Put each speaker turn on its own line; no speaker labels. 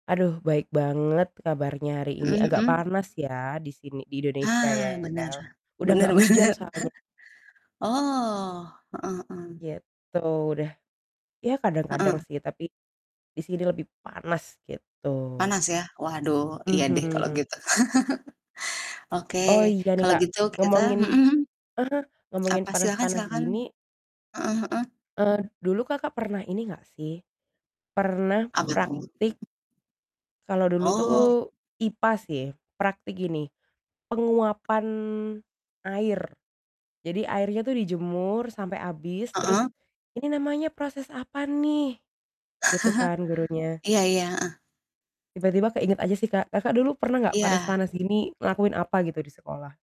Aduh baik banget kabarnya hari ini,
Mhm
agak
mhm.
panas ya di sini di Indonesia ya,
Ah, bener
udah
bener
gak hujan
banget,
soalnya.
oh, heeh heeh.
Gitu, udah ya kadang-kadang
Heeh.
sih tapi di sini lebih panas gitu
Panas ya? Waduh iya deh kalau
Mhm.
gitu. Oke
Oh iya nih,
kalau
Kak,
gitu kita
ngomongin
mhm,
ah hah, ngomongin
apa silahkan
panas-panas
silahkan,
gini.
heeh heeh.
Eee, dulu, Kakak, pernah ini enggak sih pernah
Apa tuh?
praktik kalau dulu tuh
Oh.
IPA sih, praktik gini penguapan air. Jadi airnya tuh dijemur sampai habis terus,
Heeh.
"Ini namanya proses apa nih?" Gitu kan gurunya.
Iya iya, heeh.
Tiba-tiba keinget aja sih, Kak, Kakak, dulu pernah nggak
Iya.
panas-panas gini ngelakuin apa gitu di sekolah?